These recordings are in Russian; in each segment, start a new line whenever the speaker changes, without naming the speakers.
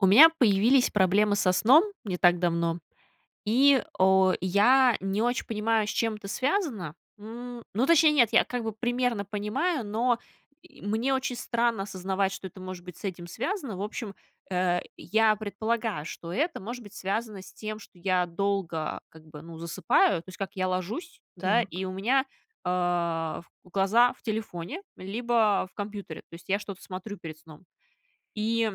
У меня появились проблемы со сном не так давно, и, о, я не очень понимаю, с чем это связано. М, ну, точнее, нет, я как бы примерно понимаю, но и мне очень странно осознавать, что это может быть с этим связано. В общем, э, я предполагаю, что это может быть связано с тем, что я долго, как бы, ну, засыпаю. То есть как: я ложусь, да,
Так.
и у меня, а, глаза в телефоне либо в компьютере. То есть я что-то смотрю перед сном. И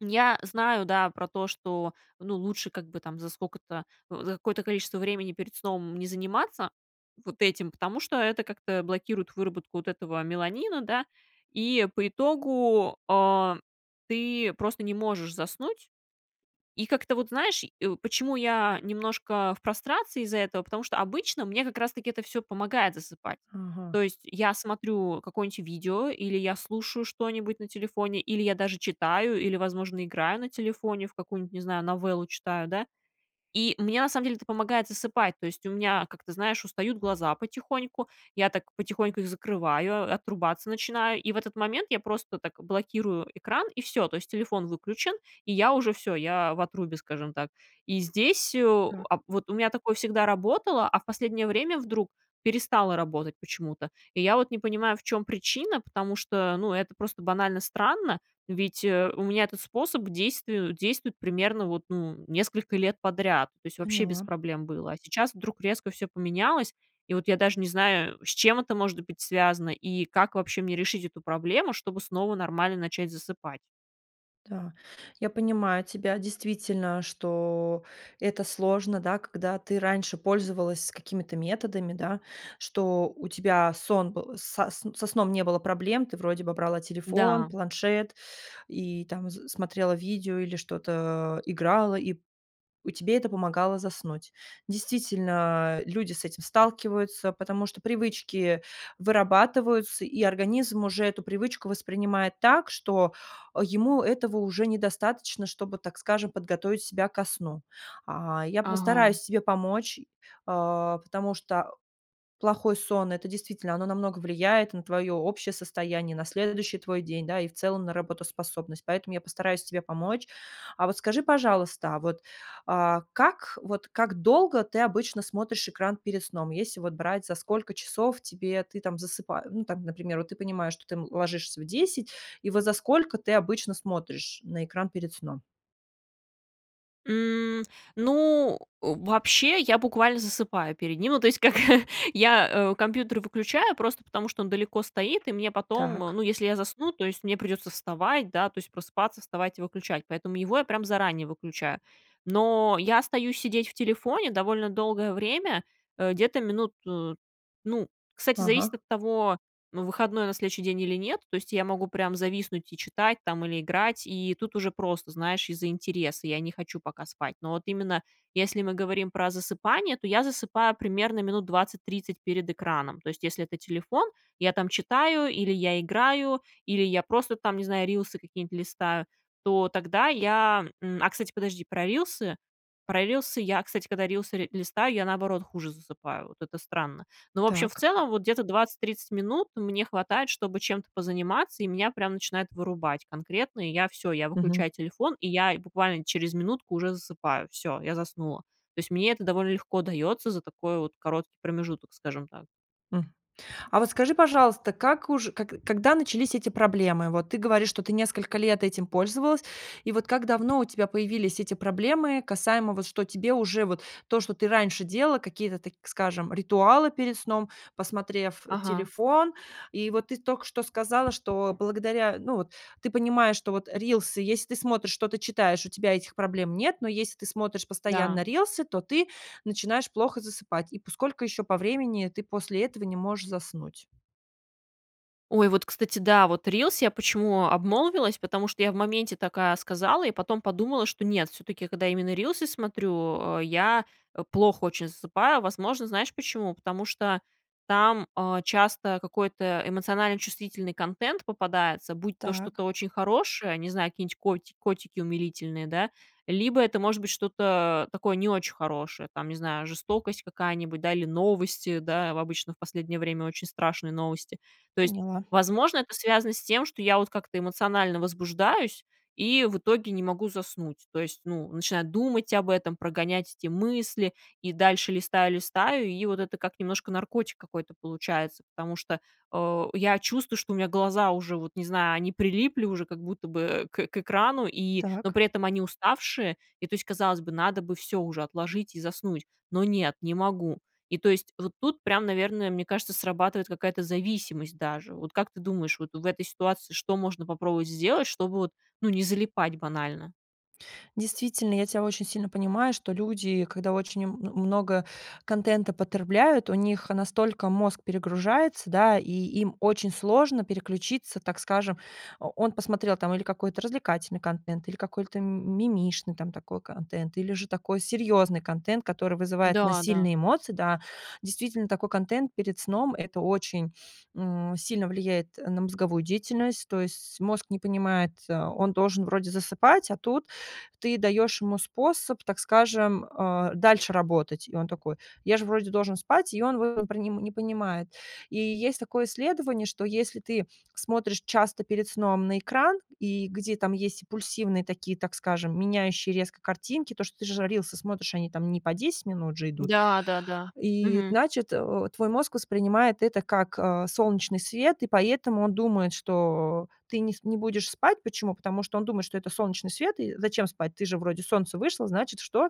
я знаю, да, про то, что, ну, лучше, как бы, там, за сколько-то, за какое-то количество времени перед сном не заниматься вот этим, потому что это как-то блокирует выработку вот этого меланина, да. И по итогу, а, ты просто не можешь заснуть. И как-то вот, знаешь, и, э, почему я немножко в прострации из-за этого: потому что обычно мне как раз-таки это всё помогает засыпать. То
Ага.
есть я смотрю какое-нибудь видео, или я слушаю что-нибудь на телефоне, или я даже читаю, или, возможно, играю на телефоне в какую-нибудь, не знаю, новеллу читаю, да. И мне, на самом деле, это помогает засыпать. То есть у меня, как ты знаешь, устают глаза потихоньку, я так потихоньку их закрываю, отрубаться начинаю, и в этот момент я просто так блокирую экран, и всё. То есть телефон выключен, и я уже всё, я в отрубе, скажем так. И здесь, э,
Так.
а вот, у меня такое всегда работало, а в последнее время вдруг перестало работать почему-то. И я вот не понимаю, в чём причина, потому что, ну, это просто банально странно. Ведь, э, у меня этот способ к действию действует примерно, вот, ну, несколько лет подряд. То есть вообще без
Поняла.
проблем было, а сейчас вдруг резко всё поменялось. И вот я даже не знаю, с чем это может быть связано и как вообще мне решить эту проблему, чтобы снова нормально начать засыпать.
Да, я понимаю тебя. Действительно, что это сложно, да, когда ты раньше пользовалась какими-то методами, да, что у тебя сон был со с со сном не было проблем. Ты вроде бы брала телефон,
Да.
планшет и, там, с смотрела видео или что-то играла, и п и тебе это помогало заснуть. Действительно, люди с этим сталкиваются, потому что привычки вырабатываются, и организм уже эту привычку воспринимает так, что ему этого уже недостаточно, чтобы, так скажем, подготовить себя ко сну. А, я
Ага.
постараюсь тебе помочь, а, потому что плохой сон- это действительно, оно намного влияет, и на твое общее состояние на следующий твой день, да, и в целом на работоспособность. Поэтому я постараюсь тебе помочь. А вот скажи, пожалуйста, а вот, а, как вот как долго ты обычно смотришь экран перед сном? Если вот брать, за сколько часов тебе ты там засыпаешь, ну, там, например, вот, ты понимаешь, что ты, м, ложишься в 10, и вот за сколько ты обычно смотришь на экран перед сном?
М, ну, вообще я буквально засыпаю перед ним. Ну то есть как: я, э, компьютер выключаю просто потому, что он далеко стоит, и мне потом,
Так.
ну, если я засну, то есть мне придется вставать, да, то есть просыпаться, вставать и выключать. Поэтому его я прям заранее выключаю. Но я остаюсь сидеть в телефоне довольно долгое время, э, где-то минут Ну, кстати,
Ага.
зависит от того, ну, выходной на следующий день или нет. То есть я могу прям зависнуть и читать там или играть, и тут уже просто, знаешь, из-за интереса, я не хочу пока спать. Но вот именно, если мы говорим про засыпание, то я засыпаю примерно минут 20-30 перед экраном. То есть если это телефон- я там читаю, или я играю, или я просто, там, не знаю, рилсы какие-нибудь листаю. То тогда я, м А, кстати, подожди, про рилсы. Про рилсы я, кстати, когда рилсы ри листаю, я наоборот хуже засыпаю, вот это странно. Ну, в общем, в
Так.
целом, вот, где-то 20-30 минут мне хватает, чтобы чем-то позаниматься, и меня прям начинает вырубать конкретно. И я всё- я
Мгм.
выключаю телефон, и я буквально через минутку уже засыпаю. Всё, я заснула. То есть мне это довольно легко дается за такой вот короткий промежуток, скажем так.
М. А вот скажи, пожалуйста, как уж как когда начались эти проблемы? Вот ты говоришь, что ты несколько лет этим пользовалась, и вот как давно у тебя появились эти проблемы, касаемо, вот, что тебе уже вот то, что ты раньше делала, какие-то, так скажем, ритуалы перед сном, посмотрев
Ага.
телефон? И вот ты только что сказала, что благодаря, ну, вот ты понимаешь, что вот рилсы, если ты смотришь, что-то читаешь, у тебя этих проблем нет. Но если ты смотришь
Да.
постоянно рилсы, то ты начинаешь плохо засыпать. И по сколько еще по времени ты после этого не можешь заснуть?
Ой, вот, кстати, да, вот рилс, я почему обмолвилась, потому что я в моменте такая сказала, и потом подумала, что нет, все-таки когда именно рилсы смотрю, а, я очень плохо засыпаю. Возможно, знаешь почему? Потому что там, а, часто какой-то эмоционально чувствительный контент попадается, будь то что-то
Так.
очень хорошее, не знаю, какие-нибудь коти котики умилительные, да, либо это может быть что-то такое не очень хорошее, там, не знаю, жестокость какая-нибудь, да, или новости, да. Обычно в последнее время очень страшные новости. То есть,
Поняла.
возможно, это связано с тем, что я вот как-то эмоционально возбуждаюсь, и в итоге не могу заснуть. То есть, ну, начинаю думать об этом, прогонять эти мысли и дальше листаю, листаю, и вот это как немножко наркотик какой-то получается. Потому что, а, я чувствую, что у меня глаза уже, вот не знаю, они прилипли уже как будто бы к к экрану, и, но
Так.
при этом они уставшие. И то есть, казалось бы, надо бы всё уже отложить и заснуть, но нет, не могу. И то есть вот тут прям, наверное, мне кажется, срабатывает какая-то зависимость даже. Вот как ты думаешь, вот в этой ситуации что можно попробовать сделать, чтобы вот, ну, не залипать банально?
Действительно, я тя очень сильно понимаю, что люди, когда очень м много контента потребляют, у них настолько мозг перегружается, да, и им очень сложно переключиться, так скажем. О он посмотрел, там, или какой-то развлекательный контент, или какой-то мимишный, там, такой контент, или же такой серьезный контент, который вызывает у нас
Да-да.
сильные эмоции. Да, действительно, такой контент перед сном- это очень, м, сильно влияет на мозговую деятельность. То есть мозг не понимает, э, он должен вроде засыпать, а тут ты даешь ему способ, так скажем, а, дальше работать. И он такой: "Я же вроде должен спать". И он выв не пр не понимает. И есть такое исследование, что если ты смотришь часто перед сном на экран, и где там есть импульсивные такие, так скажем, меняющие резко картинки, то, что ты же рилсы смотришь, они там не по 10 минут же идут.
Да, да-да,
И,
мгм.
значит, э, твой мозг воспринимает это как, а, солнечный свет, и поэтому он думает, что ты не с не будешь спать. Почему? Потому что он думает, что это солнечный свет. И зачем спать? Ты же вроде, солнце вышло, значит что?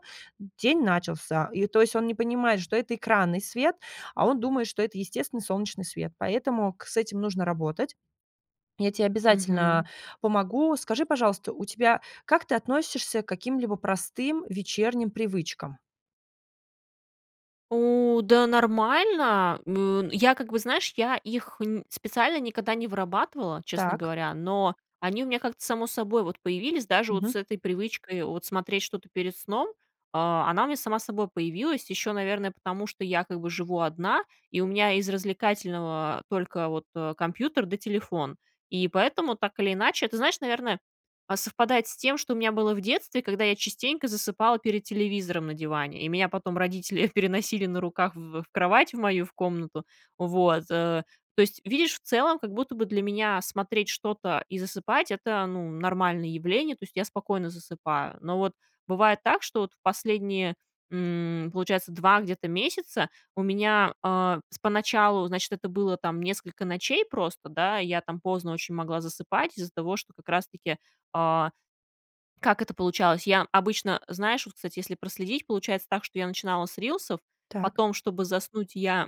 День начался. И то есть он не понимает, что это экранный свет, а он думает, что это естественный солнечный свет, поэтому к с этим нужно работать. Я те
Мгм.
обязательно помогу. Скажи, пожалуйста, у тебя как ты относишься к каким-либо простым вечерним привычкам?
У да, нормально, м, я как бы, знаешь, я их нь специально никогда не вырабатывала, честно
Так.
говоря. Но они у меня как-то само собой вот появились. Даже вот
Мгм.
с этой привычкой, вот смотреть что-то перед сном, а, она у меня сама собой появилась, еще, наверное, потому что я как бы живу одна, и у меня из развлекательного только вот, а, компьютер, да телефон. И поэтому, так или иначе, это, знаешь, наверное, а, совпадает с тем, что у меня было в детстве, когда я частенько засыпала перед телевизором на диване, и меня потом родители переносили на руках в в кровать, в мою, в комнату. Вот, э, то есть, видишь, в целом как будто бы для меня смотреть что-то и засыпать, это, ну, нормальное явление. То есть я спокойно засыпаю. Но вот бывает так, что в последние, м, получается, 2 где-то месяца у меня, а, с поначалу, значит, это было, там, несколько ночей просто, да. Я, там, поздно очень могла засыпать из-за того, что как раз-таки, а. Как это получалось? Я обычно, знаешь, вот, кстати, если проследить, получается так, что я начинала с рилсов,
Так.
потом, чтобы заснуть, я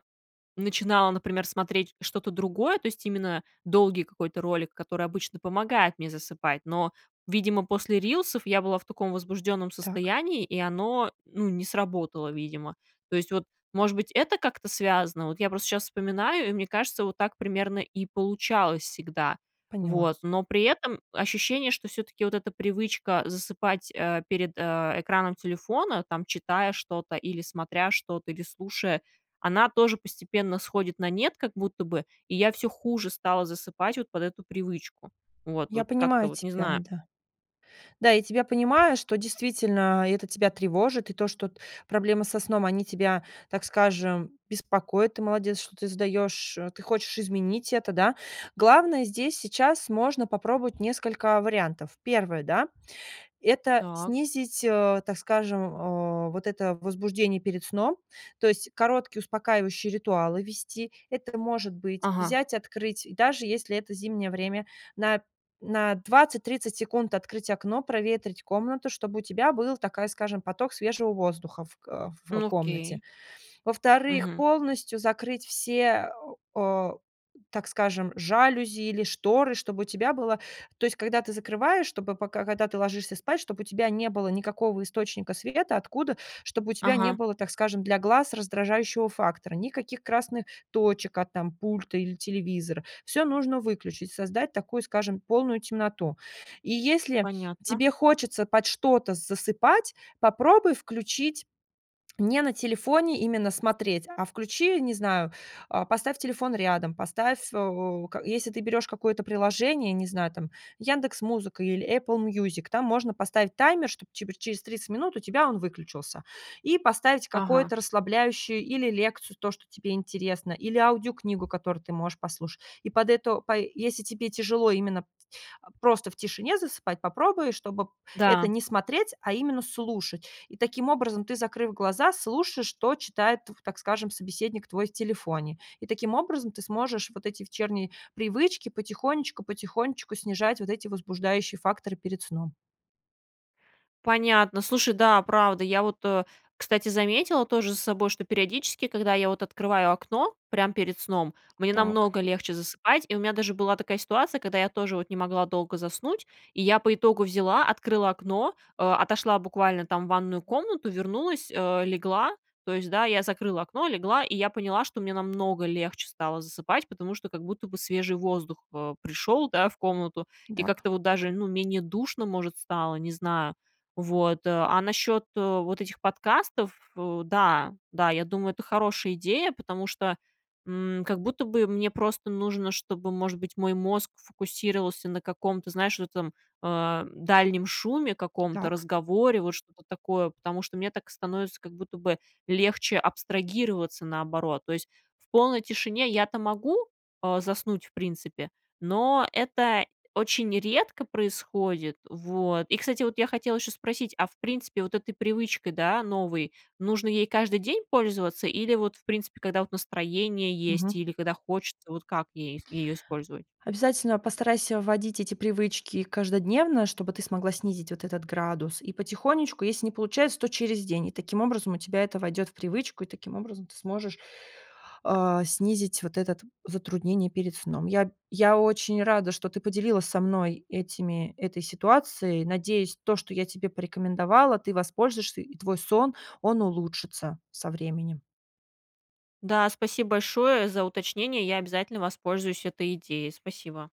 начинала, например, смотреть что-то другое. То есть именно долгий какой-то ролик, который обычно помогает мне засыпать. Но, видимо, после рилсов я была в таком возбужденном
Так.
состоянии, и оно, ну, не сработало, видимо. То есть вот, может быть, это как-то связано. Вот я просто сейчас вспоминаю, и мне кажется, вот так примерно и получалось всегда.
Поняла.
Вот, но при этом ощущение, что все-таки вот эта привычка засыпать, э, перед, э, экраном телефона, там, читая что-то, или смотря что-то, или слушая, она тоже постепенно сходит на нет как будто бы, и я всё хуже стала засыпать вот под эту привычку. Вот,
Я
вот, как-то
понимаю
вот, не
тебя,
знаю.
да. Да, я тебя понимаю, что действительно это тебя тревожит, и то, что т проблемы со сном, они тебя, так скажем, беспокоят. Ты молодец, что ты сдаешь, э, ты хочешь изменить это, да. Главное здесь сейчас, можно попробовать несколько вариантов. 1, да, это
Так.
снизить, э, так скажем, о вот это возбуждение перед сном. То есть короткие успокаивающие ритуалы ввести. Это может быть,
Ага.
взять, открыть, даже если это зимнее время, на на 20-30 секунд открыть окно, проветрить комнату, чтобы у тебя был, такая скажем, поток свежего воздуха в, э, в
Ну
комнате.
окей.
Во-вторых,
Мгм.
полностью закрыть все, а, так скажем, жалюзи или шторы, чтобы у тебя было То есть, когда ты закрываешь, чтобы, пока, когда ты ложишься спать, чтобы у тебя не было никакого источника света, откуда. Чтобы у тебя не
Ага.
было, так скажем, для глаз раздражающего фактора, никаких красных точек от, там, пульта или телевизора. Всё нужно выключить, создать такую, скажем, полную темноту. И если
Понятно.
тебе хочется под что-то засыпать, попробуй включить не на телефоне именно смотреть, а включи, не знаю, а, поставь телефон рядом. Поставь, э, как если ты берёшь какое-то приложение, не знаю, там, "Яндекс Музыка" или Apple Music, там можно поставить таймер, чтоб, типа, через 30 минут у тебя он выключился. И поставить
Ага.
какое-то расслабляющую или лекцию, то, что тебе интересно, или аудиокнигу, которую ты можешь послуш И под это, пай если тебе тяжело именно т просто в тишине засыпать, попробуй, чтобы это
Да.
не смотреть, а именно слушать. И таким образом ты, закрыв глаза, слушаешь, что читает, тв так скажем, собеседник твой в телефоне. И таким образом ты сможешь вот эти вечерние привычки потихонечку, потихонечку снижать вот эти возбуждающие факторы перед сном.
Понятно. Слушай, да, правда. Я вот, э, кстати, заметила тоже за собой, что периодически, когда я вот открываю окно прям перед сном, мне
Так.
намного легче засыпать. И у меня даже была такая ситуация, когда я тоже вот не могла долго заснуть, и я по итогу взяла, открыла окно, э, отошла буквально там в ванную комнату, вернулась, э, легла. То есть, да, я закрыла окно, легла, и я поняла, что мне намного легче стало засыпать, потому что как будто бы свежий воздух, э, пришёл, да, в комнату, и
Да, п
как-то вот даже, ну, менее душно, может, стало, не знаю. Вот, э, а насчёт, э, вот этих подкастов, э, да, да, я думаю, это хорошая идея. Потому что, м, как будто бы мне просто нужно, чтобы, может быть, мой мозг фокусировался на каком-то, знаешь, в этом, э, дальнем шуме, каком-то
Так.
разговоре, вот что-то такое. Потому что мне так становится как будто бы легче абстрагироваться, наоборот. То есть в полной тишине я-то могу, а, заснуть, в принципе, но это очень редко происходит. Вот, и, кстати, вот я хотела ещё спросить: а в принципе, вот этой привычкой, да, новой, нужно ей каждый день пользоваться или вот, в принципе, когда, вот, настроение есть
Мгм.
или когда хочется? Вот как ей её использовать?
Обязательно постарайся вводить эти привычки каждодневно, чтобы ты смогла снизить вот этот градус. И потихонечку, если не получается, то через день. И таким образом у тебя это войдет в привычку. И таким образом ты сможешь, а, снизить вот этот затруднение перед сном. Я б я очень рада, что ты поделилась со мной этими, этой ситуацией, надеюсь, то, что я тебе порекомендовала, ты воспользуешься, и твой сон, он улучшится со временем.
Да, спасибо большое за уточнение. Я обязательно воспользуюсь этой идеей. Спасибо.